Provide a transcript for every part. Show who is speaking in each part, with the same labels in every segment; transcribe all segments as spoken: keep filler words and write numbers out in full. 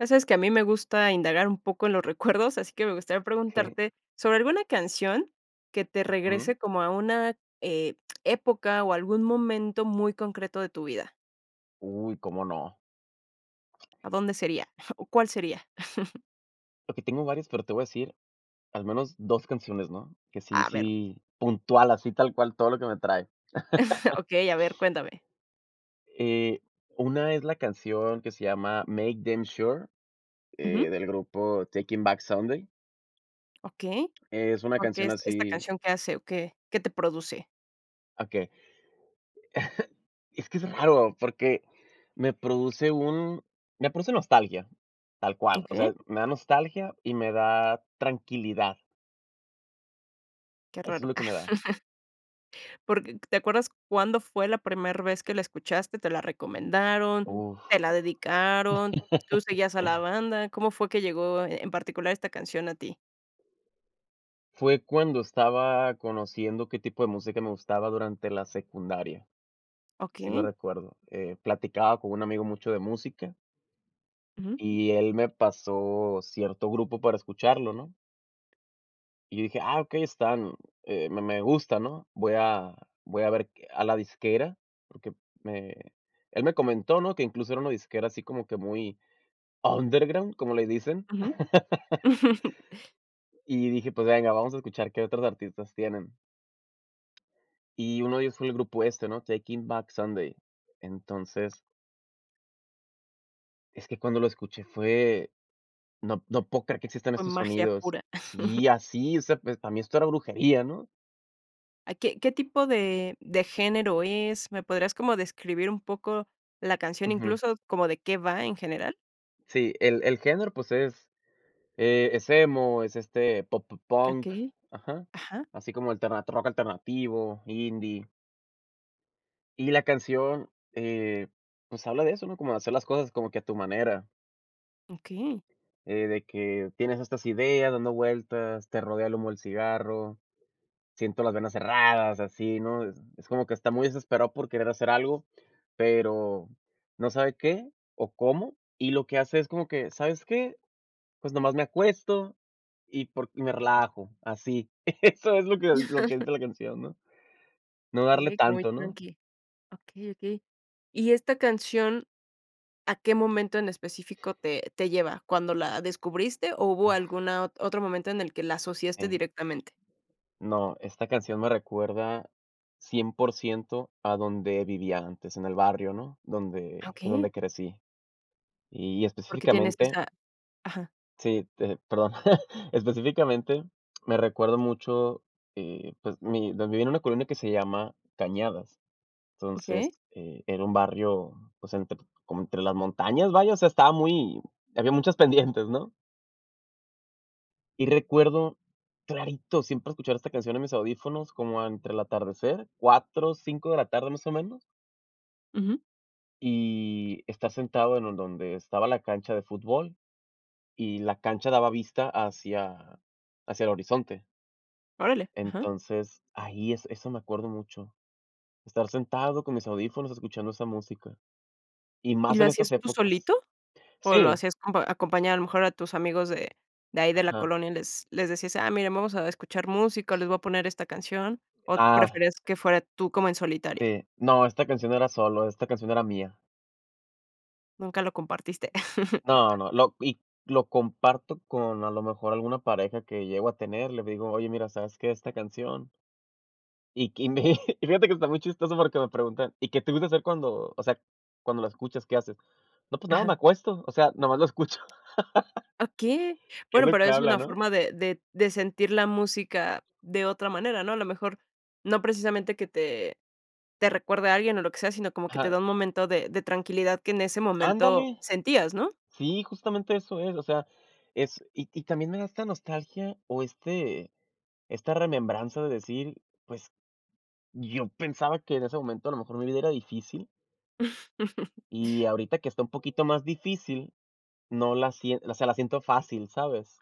Speaker 1: Ya sabes que a mí me gusta indagar un poco en los recuerdos, así que me gustaría
Speaker 2: Okey.
Speaker 1: preguntarte sobre alguna canción que te
Speaker 2: Ujú.
Speaker 1: regrese como a una, eh, época o a algún momento muy concreto de tu vida.
Speaker 2: Uy, ¿cómo no?
Speaker 1: ¿A dónde sería? ¿O cuál sería?
Speaker 2: Porque tengo varias, pero te voy a decir al menos dos canciones, ¿no? Que sí
Speaker 1: A ver.
Speaker 2: sí, puntual, así tal cual todo lo que me trae.
Speaker 1: Okey, a ver, cuéntame.
Speaker 2: Eh, una es la canción que se llama MakeDamnSure, eh,
Speaker 1: Ujú.
Speaker 2: del grupo Taking Back Sunday.
Speaker 1: Okey,
Speaker 2: Es una
Speaker 1: ¿por qué
Speaker 2: canción
Speaker 1: es esta
Speaker 2: así
Speaker 1: canción qué hace o qué qué te produce?
Speaker 2: Okey. Es que es raro porque me produce un me produce nostalgia, tal cual, o
Speaker 1: Okey.
Speaker 2: sea, me da nostalgia y me da tranquilidad.
Speaker 1: Qué
Speaker 2: Eso es
Speaker 1: raro.
Speaker 2: lo que me da.
Speaker 1: Porque, ¿te acuerdas cuándo fue la primer vez que la escuchaste? ¿Te la recomendaron?
Speaker 2: Uf.
Speaker 1: ¿Te la dedicaron? ¿Tú seguías a la banda? ¿Cómo fue que llegó en particular esta canción a ti?
Speaker 2: Fue cuando estaba conociendo qué tipo de música me gustaba durante la secundaria. Sí lo
Speaker 1: Okey.
Speaker 2: recuerdo, eh, platicaba con un amigo mucho de música.
Speaker 1: Ujú.
Speaker 2: Y él me pasó cierto grupo para escucharlo, ¿no? Y yo dije: "Ah, okey, están, eh, me me gusta, ¿no? Voy a voy a ver a la disquera", porque me él me comentó, ¿no?, que incluso era una disquera así como que muy underground, como le dicen.
Speaker 1: Ujú.
Speaker 2: Y dije: "Pues venga, vamos a escuchar qué otros artistas tienen". Y uno de ellos fue el grupo este, ¿no? Taking Back Sunday. Entonces Es que cuando lo escuché fue, no no puedo creer que existan
Speaker 1: Fue
Speaker 2: estos
Speaker 1: magia
Speaker 2: sonidos
Speaker 1: pura.
Speaker 2: Sí, así, o sea, pues, para mí esto era brujería, ¿no?
Speaker 1: ¿A qué qué tipo de de género es? ¿Me podrías como describir un poco la canción,
Speaker 2: Ujú.
Speaker 1: incluso como de qué va en general?
Speaker 2: Sí, el el género pues es, eh, es emo, es, este, pop punk,
Speaker 1: Okey,
Speaker 2: ajá.
Speaker 1: ajá.
Speaker 2: Así como alterna rock alternativo, indie. Y la canción, eh, pues habla de eso, ¿no?, como de hacer las cosas como que a tu manera.
Speaker 1: Okey.
Speaker 2: Eh, de que tienes estas ideas dando vueltas, te rodea el humo del cigarro, siento las venas cerradas, así, ¿no?, es es como que está muy desesperado por querer hacer algo, pero no sabe qué o cómo y lo que hace es como que, ¿sabes qué?, pues nomás me acuesto, y por y me relajo así. Eso es lo que lo que dice la canción, ¿no?, no darle
Speaker 1: Eh, que voy
Speaker 2: tanto, ¿no?
Speaker 1: tranqui. Okey, okey. Y esta canción, ¿a qué momento en específico te te lleva, cuándo la descubriste o hubo alguna ot otro momento en el que la asociaste
Speaker 2: Si.
Speaker 1: directamente?
Speaker 2: No, esta canción me recuerda cien por ciento a donde vivía antes, en el barrio, ¿no?, donde donde
Speaker 1: Okey.
Speaker 2: crecí. Y
Speaker 1: Porque tienes
Speaker 2: específicamente
Speaker 1: esa ajá.
Speaker 2: sí, pe perdón, específicamente, me recuerdo mucho, y pues, mi donde viví en una colonia que se llama Cañadas. Entonces,
Speaker 1: Okey.
Speaker 2: eh, era un barrio, pues, entre como entre las montañas, vaya, o sea, estaba muy había muchas pendientes, ¿no? Y recuerdo clarito siempre escuchar esta canción en mis audífonos como entre el atardecer, cuatro, cinco de la tarde más o menos.
Speaker 1: Ujú.
Speaker 2: Y estár sentado en don donde estaba la cancha de fútbol y la cancha daba vista hacia hacia el horizonte.
Speaker 1: Órale, ajá.
Speaker 2: Entonces ahí es eso me acuerdo mucho. Estar sentado con mis audífonos escuchando esa música. Y
Speaker 1: ¿Y
Speaker 2: más
Speaker 1: lo
Speaker 2: en estas
Speaker 1: hacías tú
Speaker 2: épocas.
Speaker 1: solito? ¿O lo
Speaker 2: Sí.
Speaker 1: hacías acompa acompañado a lo mejor a tus amigos de de ahí de la
Speaker 2: Ajá.
Speaker 1: colonia y les les decías: "Ah, miren vamos a escuchar música les voy a poner esta canción", o
Speaker 2: Ah.
Speaker 1: preferías que fuera tú, como en solitario?
Speaker 2: Sí. No, esta canción era solo, esta canción era mía.
Speaker 1: Nunca lo compartiste.
Speaker 2: No, no, lo y lo comparto con a lo mejor alguna pareja que llego a tener, le digo: "Oye, mira, ¿sabes qué? Esta canción" .Y que y mi y fíjate que está muy chistoso porque que me preguntan: "¿Y qué te gusta hacer cuando o sea, cuando la escuchas? ¿Qué haces?". "No pues nada,
Speaker 1: Ajá.
Speaker 2: me acuesto, o sea, nomás lo escucho".
Speaker 1: Okey.
Speaker 2: ¿Qué es
Speaker 1: Bueno,
Speaker 2: lo
Speaker 1: pero
Speaker 2: que
Speaker 1: es
Speaker 2: habla,
Speaker 1: una
Speaker 2: no?
Speaker 1: forma de de de sentir la música de otra manera, ¿no? A lo mejor, no precisamente que te te recuerde a alguien o lo que sea, sino como que te
Speaker 2: Ajá.
Speaker 1: da un momento de de tranquilidad que en ese momento
Speaker 2: Ándale.
Speaker 1: sentías, ¿no?
Speaker 2: Sí, justamente eso es, o sea, es y y también me da esta nostalgia o este esta remembranza de decir, pues yo pensaba que en ese momento a lo mejor mi vida era difícil Y ahorita que está un poquito más difícil no la sie o sea la siento fácil, ¿sabes?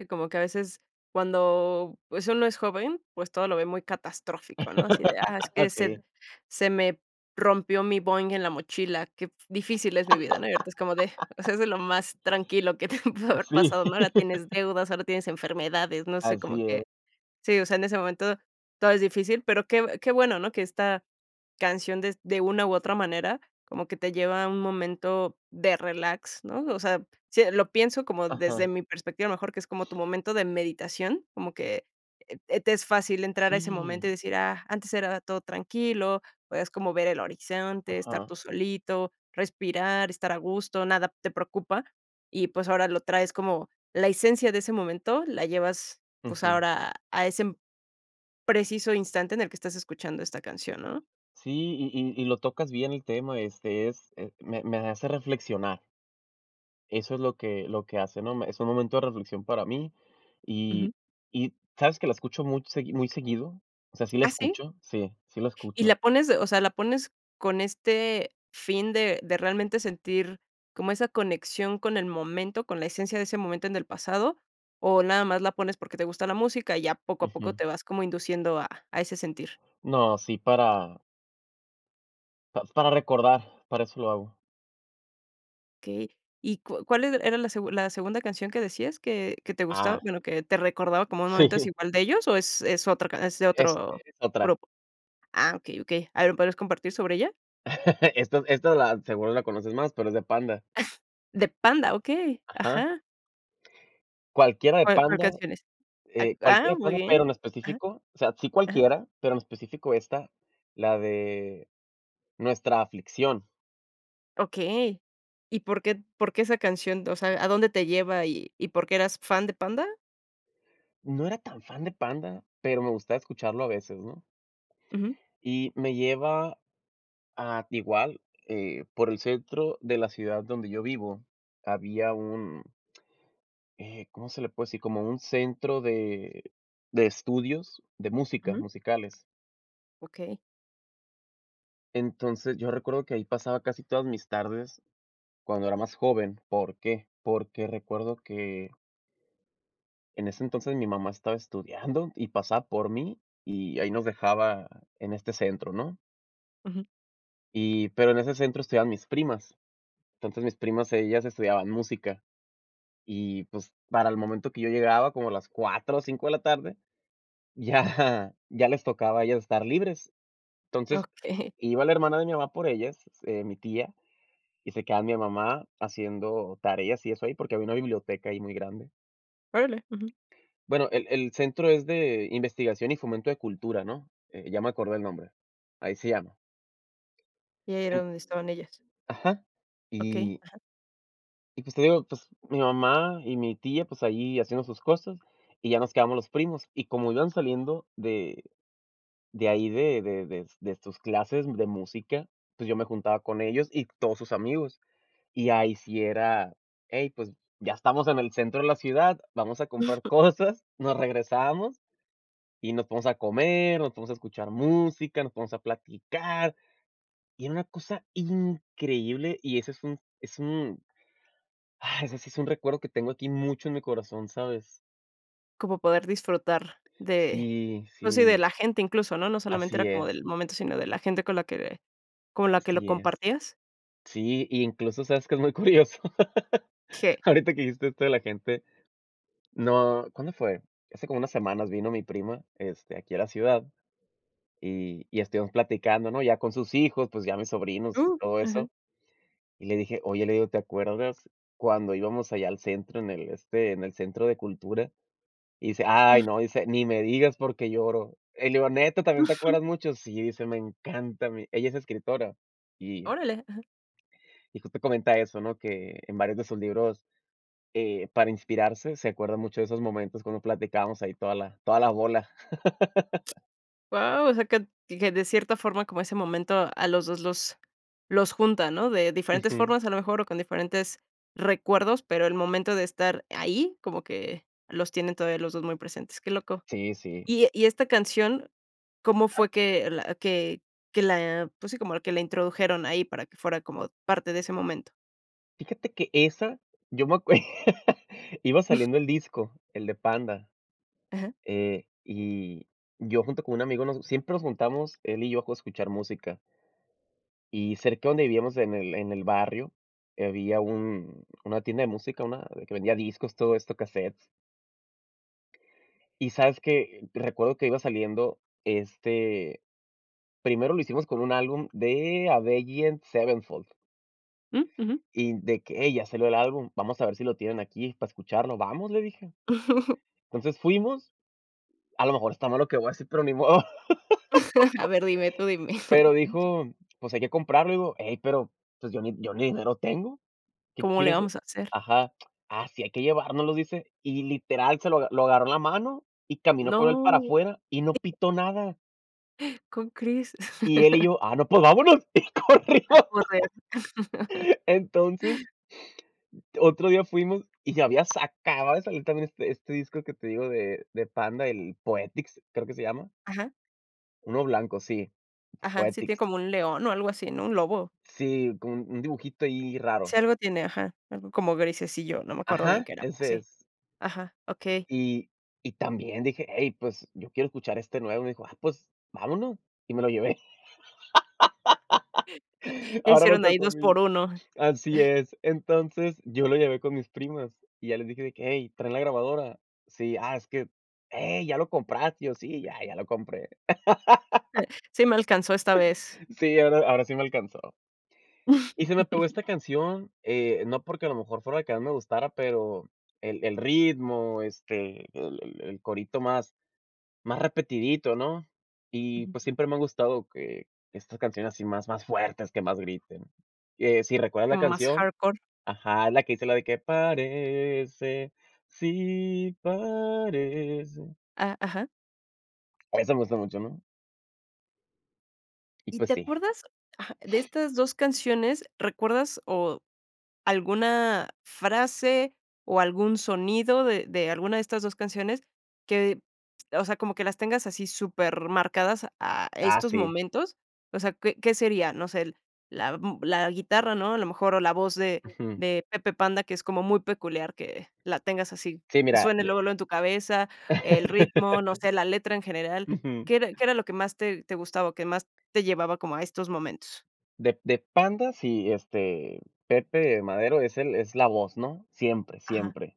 Speaker 1: Que como que, a veces cuando pues uno es joven, pues todo lo ve muy catastrófico ¿no? Así de, ah, es que se
Speaker 2: Sí.
Speaker 1: se me rompió mi Boing en la mochila, qué f difícil es mi vida, ¿no? Y ahorita es como de, o sea, es de lo más tranquilo que te pudo haber
Speaker 2: Sí.
Speaker 1: pasado, ¿no? Ahora tienes deudas, ahora tienes enfermedades, no sé como
Speaker 2: Así es.
Speaker 1: que sí, o sea, en ese momento todo es difícil, pero que que bueno, ¿no? Que esta canción, des de una u otra manera, como que te lleva a un momento, de relax, ¿no? O sea, sí lo pienso como desde
Speaker 2: Ajá.
Speaker 1: mi perspectiva, mejor que es como tu momento de meditación, como que, eh, te es fácil entrar a ese
Speaker 2: Sí.
Speaker 1: momento y decir: "Ah, antes era todo tranquilo", podías como ver el horizonte, estar
Speaker 2: Ajá.
Speaker 1: tú solito, respirar, estar a gusto, nada te preocupa. Y, pues, ahora lo traes como la esencia de ese momento, la llevas, pues,
Speaker 2: Ujú.
Speaker 1: ahora a ese m preciso instante en el que estás escuchando esta canción, ¿no?
Speaker 2: Sí, y y y lo tocas bien el tema, este, es eh, me me hace reflexionar. Eso es lo que lo que hace, ¿no? Me es un momento de reflexión para mí y
Speaker 1: Ujú.
Speaker 2: y ¿sabes que la escucho much segui muy seguido?, o sea sí la
Speaker 1: ¿Ah, sí?
Speaker 2: escucho. Sí. Sí la
Speaker 1: ¿Y
Speaker 2: escucho.
Speaker 1: la pones, o sea, la pones con este fin de de realmente sentir como esa conexión con el momento, con la esencia de ese momento en el pasado, o nada más la pones porque te gusta la música, y ya poco a poco
Speaker 2: Ujú.
Speaker 1: te vas como induciendo a a ese sentir?
Speaker 2: No, sí, para Pa para recordar, para eso lo hago.
Speaker 1: Okey. ¿Y cua cual er era la segun la segunda canción que decías que que te gustaba?,
Speaker 2: Ah.
Speaker 1: bueno, que te recordaba como un momento es
Speaker 2: Sí.
Speaker 1: igual de ellos o ¿es es otra ca es de
Speaker 2: Es
Speaker 1: otro
Speaker 2: es otra.
Speaker 1: grupo? Ah, okey, okey. A ver, ¿me podrías compartir sobre ella?
Speaker 2: Esta esta la seguro la conoces más, pero es de Panda.
Speaker 1: De Panda, okey.
Speaker 2: Ajá.
Speaker 1: Ajá.
Speaker 2: Cualquiera de
Speaker 1: A ver, ¿cuál
Speaker 2: Panda,
Speaker 1: canción es? A
Speaker 2: eh
Speaker 1: ah,
Speaker 2: cualquiera de
Speaker 1: muy
Speaker 2: Panda, pero
Speaker 1: bien.
Speaker 2: en
Speaker 1: Ajá.
Speaker 2: específico, o sea, sí
Speaker 1: Ajá.
Speaker 2: cualquiera, pero en específico ésta, la de Nuestra aflicción.
Speaker 1: Okey. ¿Y por qué por qué esa canción? O sea, ¿a dónde te lleva y y por qué eras fan de Panda?
Speaker 2: No era tan fan de Panda, pero me gustaba escucharlo a veces, ¿no?
Speaker 1: Uju.
Speaker 2: Y me lleva a igual, eh, por el centro de la ciudad donde yo vivo había un eh, ¿cómo se le puede decir? Como un centro de de estudios, de música
Speaker 1: Uju.
Speaker 2: musicales.
Speaker 1: Okey.
Speaker 2: Entonces yo recuerdo que ahí pasaba casi todas mis tardes cuando era más joven. ¿Por qué? Porque recuerdo que en ese entonces mi mamá estaba estudiando y pasaba por mí y ahí nos dejaba en este centro, ¿no?
Speaker 1: Uju.
Speaker 2: Y pero en ese centro estudiaban mis primas. Entonces mis primas, ellas estudiaban música. Y, pues, para el momento que yo llegaba, como a las cuatro o cinco de la tarde, ya ya les tocaba a ellas estar libres. Entonces,
Speaker 1: Okey.
Speaker 2: iba la hermana de mi mamá por ellas, eh, mi tía, y se quedaba mi mamá haciendo tareas y eso ahí, porque había una biblioteca ahí muy grande.
Speaker 1: Órale, uju.
Speaker 2: Bueno, el el centro es de Investigación y fomento de cultura, ¿no? Eh, ya me acordé el nombre. Ahí se llama.
Speaker 1: Y ahí era
Speaker 2: En
Speaker 1: donde estaban ellas.
Speaker 2: Ajá,
Speaker 1: Okey,
Speaker 2: y
Speaker 1: ajá.
Speaker 2: Y, pues, te digo, pues, mi mamá y mi tía, pues ahí haciendo sus cosas y ya nos quedamos los primos, y como iban saliendo de de ahí, de de de de sus clases de música, pues yo me juntaba con ellos y todos sus amigos. Y ahí sí era, hey, pues ya estamos en el centro de la ciudad, vamos a comprar cosas, nos regresábamos y nos ponemos a comer, nos ponemos a escuchar música, nos ponemos a platicar. Y era una cosa increíble y eso es un es un ¡ah! ese sí es un recuerdo que tengo aquí mucho en mi corazón, ¿sabes?
Speaker 1: Como poder disfrutar de
Speaker 2: Sí,
Speaker 1: pues sí, de
Speaker 2: sí.
Speaker 1: la gente incluso, ¿no?, no solamente
Speaker 2: Así
Speaker 1: era como
Speaker 2: es.
Speaker 1: del momento, sino de la gente con la que con la que lo
Speaker 2: Así es,
Speaker 1: compartías.
Speaker 2: sí, y incluso, ¿sabes qué es muy curioso?
Speaker 1: ¿Qué?
Speaker 2: Ahorita que dijiste esto de la gente no, ¿cuándo fue? Hace como unas semanas vino mi prima, este, aquí a la ciudad, y y estuvimos platicando, ¿no?, ya con sus hijos, pues, ya mis sobrinos, y
Speaker 1: Uh,
Speaker 2: todo eso.
Speaker 1: ajá.
Speaker 2: Y le dije: "Oye", le digo: "¿Te acuerdas cuando íbamos allá al centro en el este, en el centro de cultura?". Y dice: "Ay no, dice, ni me digas porque lloro". Y le digo: "Neta, ¿también te acuerdas mucho?" Sí, dice: "Me encanta a mí". Ella es escritora, y
Speaker 1: Órale, ajá.
Speaker 2: y justo comenta eso, ¿no?, que en varios de sus libros, eh, para inspirarse, se acuerda mucho de esos momentos cuando platicábamos ahí toda la toda la bola.
Speaker 1: Guau, o sea que que de cierta forma, como ese momento, a los dos los los junta, ¿no?, de diferentes
Speaker 2: Ujú.
Speaker 1: formas, a lo mejor, o con diferentes recuerdos, pero el momento de estar ahí, como que los tienen todavía los dos muy presentes, qué loco.
Speaker 2: Sí, sí.
Speaker 1: Y y esta canción, ¿cómo
Speaker 2: Ajá.
Speaker 1: fue que la que que la pues sí, como la que la introdujeron ahí para que fuera como parte de ese momento?
Speaker 2: Fíjate que esa, yo me acue iba saliendo el disco, el de Panda.
Speaker 1: Ajá.
Speaker 2: Eh, y yo junto con un amigo nos siempre nos juntamos él y yo a escuchar música. Y cerca de donde vivíamos en el en el barrio, había un una tienda de música, una de que vendía discos, todo esto, casetes. Y sabes que recuerdo que iba saliendo este, primero lo hicimos con un álbum de Avenged Sevenfold.
Speaker 1: Mm, ujú.
Speaker 2: Y de que: "Ey ya salió el álbum, vamos a ver si lo tienen aquí para escucharlo", "vamos", le dije. Entonces fuimos, a lo mejor está mal lo que voy a decir, pero ni modo.
Speaker 1: A ver dime, tú dime.
Speaker 2: Pero dijo: "Pues hay que comprarlo", "Hey, pero, pues yo ni yo ni dinero tengo". "Qué
Speaker 1: ¿Cómo le
Speaker 2: quieres ah"
Speaker 1: vamos a hacer?
Speaker 2: ajá. "Ah, sí hay que llevárnoslo", dice, y literal se lo lo agarró en la mano y caminó con él para
Speaker 1: No.
Speaker 2: afuera y no pitó nada.
Speaker 1: Con Cris.
Speaker 2: Y él y yo: "Ah, no, pues vámonos, y
Speaker 1: A
Speaker 2: corrimos".
Speaker 1: correr.
Speaker 2: Entonces Otro día fuimos y ya había sa acababa de salir también este este disco que te digo de de Panda, el Poetics creo que se llama.
Speaker 1: Ajá.
Speaker 2: Uno blanco, sí.
Speaker 1: Ajá, sí tiene
Speaker 2: Poetics.
Speaker 1: como un león o algo así, ¿no?, un lobo.
Speaker 2: Sí, con un un dibujito ahí
Speaker 1: Si
Speaker 2: raro.
Speaker 1: algo tiene, ajá. Algo como grisecillo, no me acuerdo bien qué
Speaker 2: Ajá,
Speaker 1: era, pero
Speaker 2: ese
Speaker 1: sí.
Speaker 2: es.
Speaker 1: Ajá, okey.
Speaker 2: Y y también dije: "Hey pues yo quiero escuchar este nuevo", me dijo. "Ah, pues vámonos y me lo llevé".
Speaker 1: Ya
Speaker 2: Ahora me
Speaker 1: hicieron ahí
Speaker 2: tocó a
Speaker 1: dos
Speaker 2: mí.
Speaker 1: por uno.
Speaker 2: Así es. Entonces yo lo llevé con mis primas y ya les dije de que: "Hey, ¿traen la grabadora?", "Sí", ah, es que "Hey, ¿ya lo compraste?", y yo: "Sí, ya ya lo compré".
Speaker 1: Sí me alcanzó esta vez.
Speaker 2: Sí, ahora ahora sí me alcanzó. Y se me pegó esta canción, eh, no porque a lo mejor fuera la que más me gustara, pero el el ritmo, este, el el el corito más más repetidito, ¿no?, y
Speaker 1: Ujú.
Speaker 2: pues siempre me ha gustado que estas canciones así más más fuertes, que más griten. Que si recuerdas la
Speaker 1: Como más
Speaker 2: canción
Speaker 1: hardcore.
Speaker 2: ajá, la que dice la de que parece, sí parece.
Speaker 1: Ah, ajá.
Speaker 2: A mí si me gusta mucho, ¿no? Y
Speaker 1: ¿Y
Speaker 2: pues
Speaker 1: te
Speaker 2: sí.
Speaker 1: acuerdas, ajá, de estas dos canciones? ¿Recuerdas o alguna frase o algún sonido de de alguna de estas dos canciones que, o sea, como que las tengas así supermarcadas a
Speaker 2: Ah,
Speaker 1: estos
Speaker 2: sí.
Speaker 1: momentos? O sea, ¿qué qué sería? No sé el la m la guitarra, ¿no? A lo mejor o la voz de
Speaker 2: Ujú.
Speaker 1: de Pepe Panda, que es como muy peculiar que la tengas así,
Speaker 2: Sí,
Speaker 1: que
Speaker 2: mira
Speaker 1: suene
Speaker 2: de
Speaker 1: luego, luego en tu cabeza, el ritmo, no sé, la letra en general.
Speaker 2: Ujú.
Speaker 1: ¿Qué era qué era lo que más te te gustaba, o que más te llevaba como a estos momentos?
Speaker 2: De de Panda, sí, este, Pepe Madero es el es la voz ¿no? Siempre,
Speaker 1: Ajá.
Speaker 2: siempre.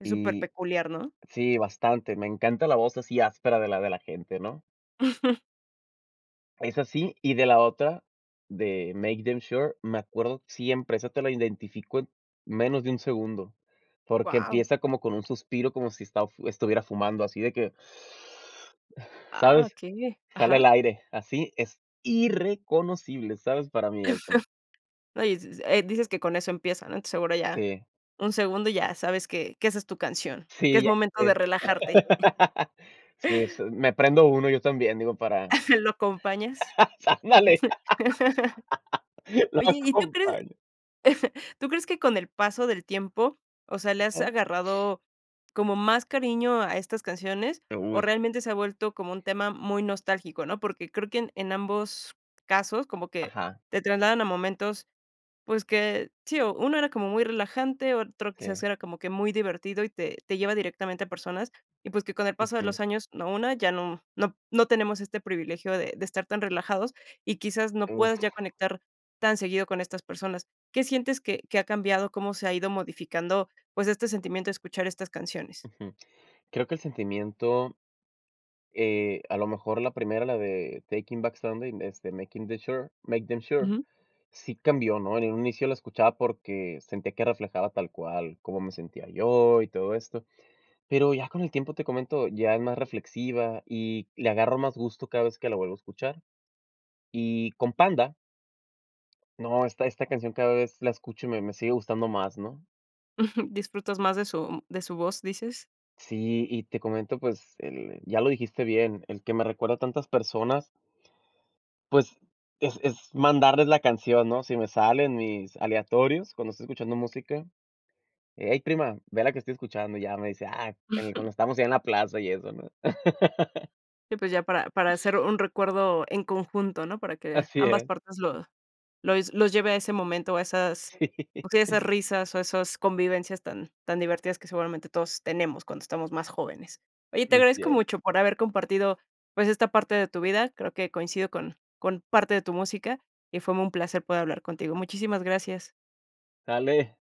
Speaker 1: Es
Speaker 2: Y
Speaker 1: superpeculiar, ¿no?
Speaker 2: Sí, bastante. Me encanta la voz así áspera de la de la gente ¿no? Es así, y de la otra, de MakeDamnSure, me acuerdo siempre esa te la identifico en menos de un segundo, porque
Speaker 1: ¡Wao!
Speaker 2: empieza como con un suspiro, como si está f estuviera fumando, así de que
Speaker 1: Ah,
Speaker 2: ¿sabes?,
Speaker 1: okey,
Speaker 2: jala
Speaker 1: ajá.
Speaker 2: el aire, así es irreconocible, ¿sabes? Para mí eso.
Speaker 1: No, y s s, eh, dices que con eso empieza, ¿no? Entonces seguro y ya.
Speaker 2: Sí.
Speaker 1: Un segundo y ya sabes que que esa es tu canción, que
Speaker 2: Sí,
Speaker 1: es
Speaker 2: ya
Speaker 1: momento de
Speaker 2: sé.
Speaker 1: relajarte.
Speaker 2: Sí, es su me prendo uno yo también, digo, para
Speaker 1: ¿Lo acompañas?
Speaker 2: Ándale, lo
Speaker 1: Oye, ¿y tú crees?
Speaker 2: acompaño.
Speaker 1: ¿Tú crees que con el paso del tiempo, o sea, le has
Speaker 2: Ajá.
Speaker 1: agarrado como más cariño a estas canciones
Speaker 2: Eh,
Speaker 1: o
Speaker 2: uy.
Speaker 1: realmente se ha vuelto como un tema muy nostálgico?, ¿no? Porque creo que en en ambos casos como que
Speaker 2: Ajá.
Speaker 1: te trasladan a momentos, pues, que sí, o uno era como muy relajante, otro quizás
Speaker 2: Sí.
Speaker 1: era como que muy divertido y te te lleva directamente a personas. Y pues que con el paso de
Speaker 2: Ujú.
Speaker 1: los años, ¿no?, una ya no no no tenemos este privilegio de de estar tan relajados y quizás no
Speaker 2: Uf.
Speaker 1: puedas ya conectar tan seguido con estas personas. ¿Qué sientes que que ha cambiado? ¿Cómo se ha ido modificando, pues, este sentimiento a escuchar estas canciones?
Speaker 2: Ujú. Creo que el sentimiento. Eh, a lo mejor la primera, la de Taking Back Sunday, es de Making the Sure, MakeDamnSure,
Speaker 1: Ujú.
Speaker 2: sí cambió, ¿no? En un inicio lo escuchaba porque sentía que reflejaba tal cual cómo me sentía yo, y todo esto. Pero ya con el tiempo, te comento, ya es más reflexiva y le agarro más gusto cada vez que la vuelvo a escuchar. Y con Panda no, esta esta canción cada vez la escucho y me me sigue gustando más, ¿no?
Speaker 1: ¿Disfrutas más de su de su voz, dices?
Speaker 2: Sí, y te comento, pues, el ya lo dijiste bien, el que me recuerda a tantas personas. Pues, es es mandarles la canción, ¿no? Si me sale en mis aleatorios cuando estoy escuchando música. "Ey, prima, ve la que estoy escuchando", ya, me dice: "Ah, en el cuando estábamos allá en la plaza y eso, ¿no?"
Speaker 1: Sí, pues, ya para para hacer un recuerdo en conjunto, ¿no? Para que
Speaker 2: Así
Speaker 1: ambas
Speaker 2: es.
Speaker 1: partes lo los los lleve a ese momento, a esas,
Speaker 2: Sí.
Speaker 1: okey, a esas risas, o a esas convivencias tan tan divertidas que, seguramente, todos tenemos cuando estamos más jóvenes. Oye, te
Speaker 2: Así
Speaker 1: agradezco
Speaker 2: es.
Speaker 1: mucho por haber compartido, pues, esta parte de tu vida. Creo que coincido con con parte de tu música y fue mu un placer poder hablar contigo. Muchísimas gracias.
Speaker 2: Sale.